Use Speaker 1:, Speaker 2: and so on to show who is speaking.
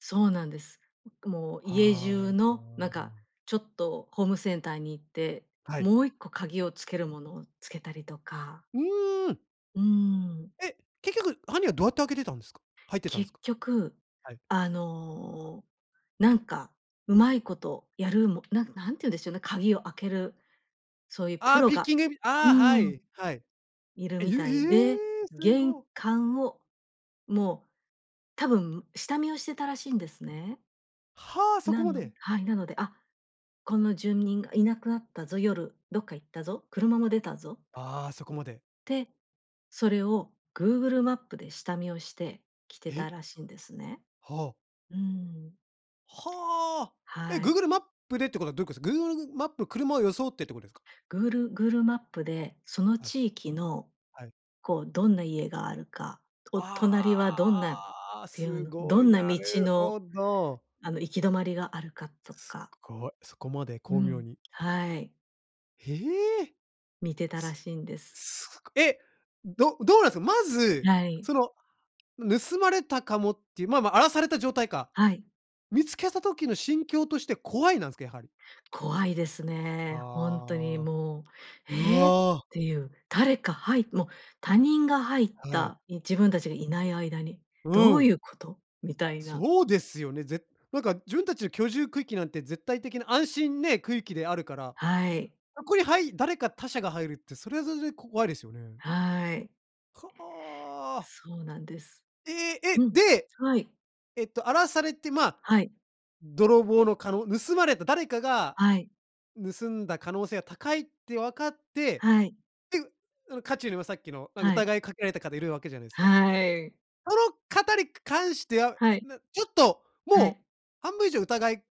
Speaker 1: そうなんです。もう家中
Speaker 2: は
Speaker 1: のなんか
Speaker 2: あ。
Speaker 1: ちょっとホームセンターに行って
Speaker 2: はい。
Speaker 1: もう1個鍵をつけるものをつけたりとか。
Speaker 2: うーん。
Speaker 1: うん。
Speaker 2: え、結局犯人はどうやって開けてたんですか？入ってたんで
Speaker 1: 結
Speaker 2: すか？
Speaker 1: 局、
Speaker 2: はい。
Speaker 1: あの、なんかうまいことやるもなん何て言うんでしょうね、鍵を開けるそういうプ
Speaker 2: あ、
Speaker 1: ロ
Speaker 2: ピッ
Speaker 1: が、
Speaker 2: キング、
Speaker 1: う
Speaker 2: あ、は
Speaker 1: ん、
Speaker 2: い。はい。
Speaker 1: いる
Speaker 2: え、え
Speaker 1: みたいで、
Speaker 2: え、す
Speaker 1: 玄
Speaker 2: ご。
Speaker 1: 関をもう多分下見をしてたらしいんですね。
Speaker 2: は、そ
Speaker 1: な
Speaker 2: こま
Speaker 1: の
Speaker 2: で。
Speaker 1: はい、なので、あ、この住民がいなくなったぞ、夜、どっか行ったぞ、車も出たぞ。
Speaker 2: あ、そこまで。
Speaker 1: て、それを Google マップで下見をして来てた
Speaker 2: え？
Speaker 1: らしいんですね。
Speaker 2: は。
Speaker 1: うん。
Speaker 2: は。え、
Speaker 1: はい。
Speaker 2: Google マップでってことはどういうことですか？Google マップ車を装ってってことですか？
Speaker 1: グールGoogleマップで、その
Speaker 2: はい。
Speaker 1: 地域の
Speaker 2: はい。
Speaker 1: こうどんな家があるか、お隣は
Speaker 2: あ
Speaker 1: どんなっ
Speaker 2: あ、
Speaker 1: ていう
Speaker 2: す
Speaker 1: の、
Speaker 2: ご
Speaker 1: ど
Speaker 2: い、
Speaker 1: んな
Speaker 2: な
Speaker 1: 道
Speaker 2: る
Speaker 1: の
Speaker 2: ほど。
Speaker 1: あの行き止まりがあるかと
Speaker 2: す
Speaker 1: か。
Speaker 2: ごい、そこまで
Speaker 1: う
Speaker 2: 巧妙
Speaker 1: ん、
Speaker 2: に。
Speaker 1: はい。
Speaker 2: へえ。
Speaker 1: 見てたらしいんです。
Speaker 2: すご、え、どどうなんですか？まず、
Speaker 1: はい。
Speaker 2: その盗まれたかもっていう、まま、荒らされた状態か。
Speaker 1: はい。
Speaker 2: 見つけた時の心境として怖いなんですか、やはり。
Speaker 1: 怖いですね、ほんとに
Speaker 2: ああ。
Speaker 1: もう。
Speaker 2: う
Speaker 1: ええっ
Speaker 2: わ。
Speaker 1: ていう誰かはいもう他人が入っ
Speaker 2: はい。
Speaker 1: た、い自分たちがいない間に、
Speaker 2: う
Speaker 1: どう
Speaker 2: ん。
Speaker 1: いうこと？みたいな。
Speaker 2: そうですよね。ぜなんか自分たちの居住区域なんて絶対的な安心ね、区域であるから、
Speaker 1: はい。
Speaker 2: そこにはい誰か他者が入るってそれはそれで怖いですよね。
Speaker 1: はい。
Speaker 2: かあ。
Speaker 1: そうなんです。
Speaker 2: え
Speaker 1: う
Speaker 2: え、
Speaker 1: ん、
Speaker 2: で、
Speaker 1: はい。
Speaker 2: えっと荒らされて、ま、
Speaker 1: はい。
Speaker 2: 泥棒のかの盗まれた誰かが
Speaker 1: はい。
Speaker 2: 盗んだ可能性が高いって分かって、
Speaker 1: はい。
Speaker 2: で、その渦中にはさっきのなん
Speaker 1: はい。
Speaker 2: 疑いかけられた方いるわけじゃないですか。
Speaker 1: はい。
Speaker 2: その方にか関しては、
Speaker 1: はい。
Speaker 2: なちょっと
Speaker 1: はい。
Speaker 2: もう半分以上疑い